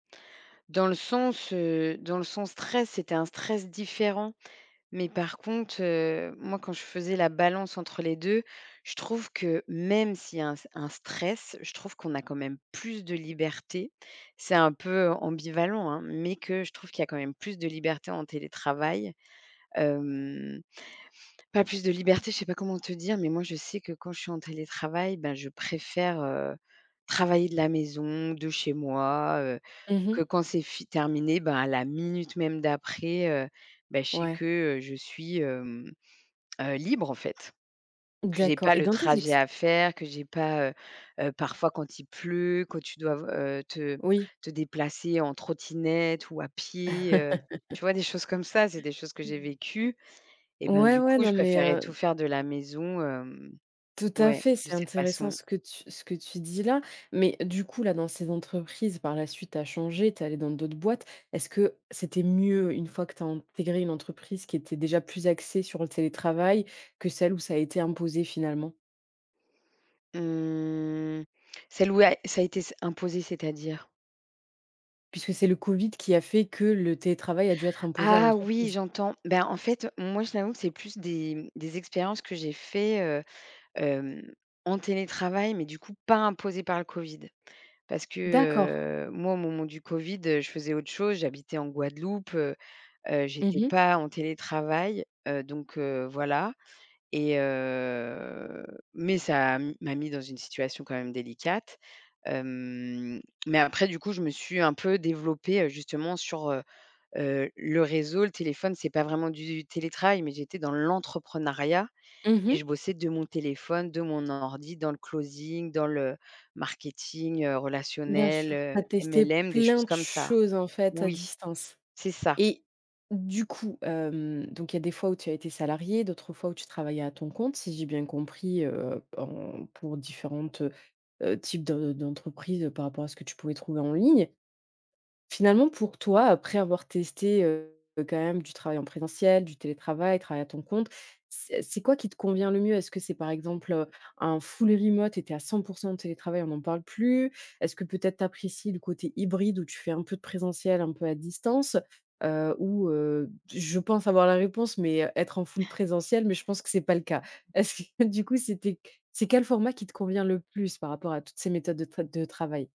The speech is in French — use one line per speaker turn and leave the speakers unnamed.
Dans le sens, heu, dans le sens stress, c'était un stress différent. Mais par contre, heu, moi quand je faisais la balance entre les 2, je trouve que même s'il y a un un stress, je trouve qu'on a quand même plus de liberté. C'est un peu ambivalent hein, mais que je trouve qu'il y a quand même plus de liberté en télétravail. Hem, pas plus de liberté, je sais pas comment te dire, mais moi je sais que quand je suis en télétravail, bah je préfère, heu, travailler de la maison, de chez moi, heu,
Mmh mh.
que quand c'est f terminé, bah à la minute même d'après, heu, bah je sais
Ouais.
que, heu, je suis, hem, heu, libre, en fait. Que j'ai
D'accord
pas
et
le
dans tes
trajet
exs
à faire, que j'ai pas, heu heu, parfois quand il pleut, que tu dois te v heu, te
Oui.
te déplacer en trottinette ou à pied, heu tu vois, des choses comme ça, c'est des choses que j'ai vécues et bah
Ouais,
du
ouais,
coup, je
non, mais
préférerais tout
heu
faire de la maison, hem
Tout à
ouais,
fait,
de
c'est
cette
intéressant
façon
ce que tu ce que tu dis là. Mais du coup là, dans ces entreprises par la suite tu as changé, tu es allée dans d'autres boîtes. Est-ce que c'était mieux une fois que tu as intégré une entreprise qui était déjà plus axée sur le télétravail que celle où ça a été imposé finalement?
Mmh. Celle où à ça a été s imposé, c'est-à-dire?
Puisque c'est le COVID qui a fait que le télétravail a dû être imposé à
Ah oui,
l'entreprise.
j'entends. Bah en fait, heu, moi, je t'avoue que c'est plus des, mmh, des expériences que j'ai fait, heu, hem, en télétravail, mais du coup pas imposées par le COVID. Parce que,
D'accord.
heu, moi au moment du COVID, heu, je faisais autre chose, j'habitais en Guadeloupe, heu heu,
Mmh
j'étais
mh.
pas en télétravail, heu, donc heu, voilà et heu, mais ça m'a mis dans une situation quand même délicate. Hem, mais après du coup, je me suis un peu développée, heu, justement sur, heu heu, le réseau, le téléphone, c'est pas vraiment du télétravail, mais j'étais dans l'entrepreneuriat
Mmh
et
mh.
je bossais de mon téléphone, de mon ordi, dans le closing, dans le marketing, heu,
Bien
relationnel,
sûr.
heu,
Tu as testé
MLM, des
plein
choses
de
comme ça
choses, en fait, à
oui,
distance?
c'est ça.
Et du coup, hem, donc il y a des fois où tu as été salariée, d'autres fois où tu travaillais à ton compte, si j'ai bien compris, heu, en pour différents, heu, types de d'entreprises, heu, par rapport à ce que tu pouvais trouver en ligne. Finalement, pour toi, après avoir testé, heu, quand même du travail en présentiel, du télétravail, travail à ton compte, c'est c'est quoi qui te convient le mieux? Est-ce que c'est, par exemple, heu, un full remote et tu es à 100 % en télétravail, on n'en parle plus? Est-ce que peut-être tu apprécies le côté hybride où tu fais un peu de présentiel, un peu à distance? Heu, ou heu, je pense avoir la réponse, mais heu, être en full présentiel, mais je pense que c'est pas le cas. Est-ce que du coup, c'était c'est quel format qui te convient le plus par rapport à toutes ces méthodes de t de travail?